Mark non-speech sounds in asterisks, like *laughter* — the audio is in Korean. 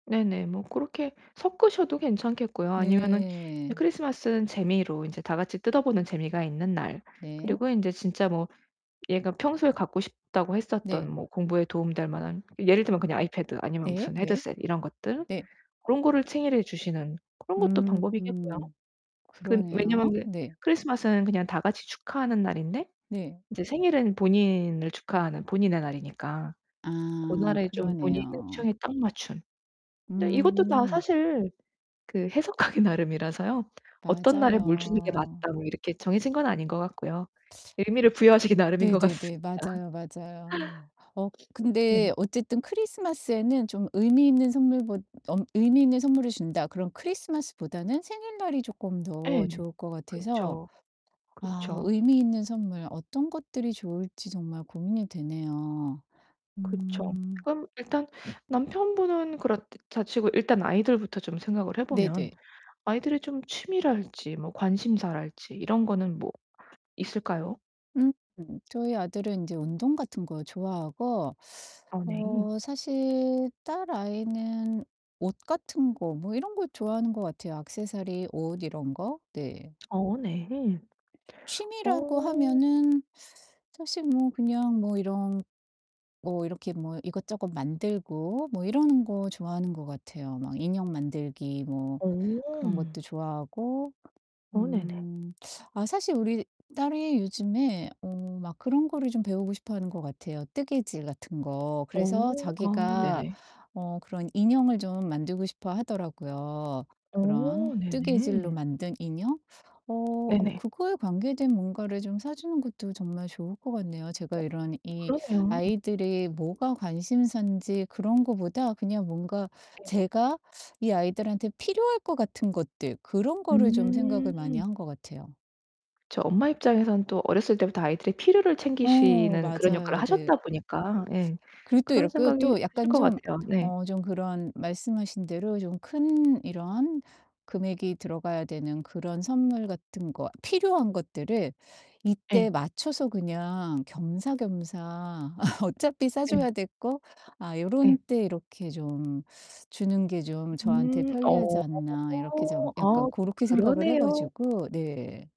네네. 뭐 고렇게 섞으셔도 괜찮겠고요 아니면은 네. 크리스마스는 재미로 인제 다같이 뜯어보는 재미가 있는 날 네. 그리고 인제 진짜 뭐 얘가 평소에 갖고 싶다고 했었던 네. 뭐 공부에 도움이 될 만한 예를 들면 그냥 아이패드 아니면 네, 무슨 네. 헤드셋 이런 것들 네. 고런 거를 생일에 주시는 그런 것도 방법이겠고요. 음. 그 그러네요. 왜냐면은 네. 크리스마스는 그냥 다같이 축하하는 날인데 네. 인제 생일은 본인을 축하하는 본인의 날이니까 아 고날에 좀 본인의 그러네요. 취향에 딱 맞춘 근데 이것도 다 음. 사실 그 해석하기 나름이라서요 '어떤 날에 뭘 주는 게 맞아요. 맞다.' 뭐 이렇게 정해진 건 아닌 것 같고요 의미를 부여하시기 나름인 것 네네네 같습니다. 맞아요, 맞아요. 어 네. 근데 어쨌든 크리스마스에는 좀 의미있는 선물보 엄 '의미있는 선물을 준다.' 그럼 크리스마스보다는 생일날이 조끔 예. 더 좋을 것 같아서 그쵸. 아 그쵸. 의미있는 선물 어떤 것들이 좋을지 정말 고민이 되네요. 그쵸. 음. 그럼 일단 남편분은 그렇다 치고 일단 아이들부터 좀 생각을 해 보면 네네. 아이들이 좀 취미랄지 뭐 관심사랄지 이런 거는 뭐 있을까요? 음 저희 아들은 인제 운동 같은 거 좋아하고 어 네. 어 사실 딸아이는 옷 같은 거 뭐 이런 거 좋아하는 것 같아요 악세서리, 옷 이런 거? 네. 어 네. 취미라고 어. 하면은 사실 뭐 그냥 뭐 이런 뭐 이렇게 뭐 이것저것 만들고 뭐 이러는 거 좋아하는 것 같아요. 막 인형 만들기 뭐 어. 그런 것도 좋아하고 어 음 네네. 아 사실 우리 딸이 요즘에 어 막 그런 거를 좀 배우고 싶어 하는 것 같아요 뜨개질 같은 거. 그래서 어. 아, 자기가 네네. 어 그런 인형을 좀 만들고 싶어 하더라고요 그런 어 뜨개질로 네네. 만든 인형. 어 어 네네. 그거에 관계된 뭔가를 좀 사주는 것도 정말 좋을 것 같네요. 어 제가 이런 이 그러네요. 아이들이 뭐가 관심사인지 그런 거보다 그냥 뭔가 네. 제가 이 아이들한테 필요할 것 같은 것들 그런 거를 좀 생각을 많이 음. 한 것 같아요. 저 엄마 입장에서는 또 어렸을 때부터 아이들의 필요를 어 챙기시는 그런 역할을 맞아요. 네. 하셨다 보니까 예 그리고 또 그런 이렇게 생각이 또 드실 약간 것 좀 같아요. 네. 어 좀 그런 말씀하신 대로 좀 큰 이런 금액이 들어가야 되는 그런 선물 같은 거 필요한 것들을 이때 예. 맞춰서 그냥 겸사겸사 *laughs* 어차피 예. 사줘야 될 거 '아 요런 예. 때 이렇게 좀 주는 게 좀 저한테 음 편리하지 어. 않나?' 이렇게 좀 아 약간 고렇게 생각을 해 그러네요. 가지고 네.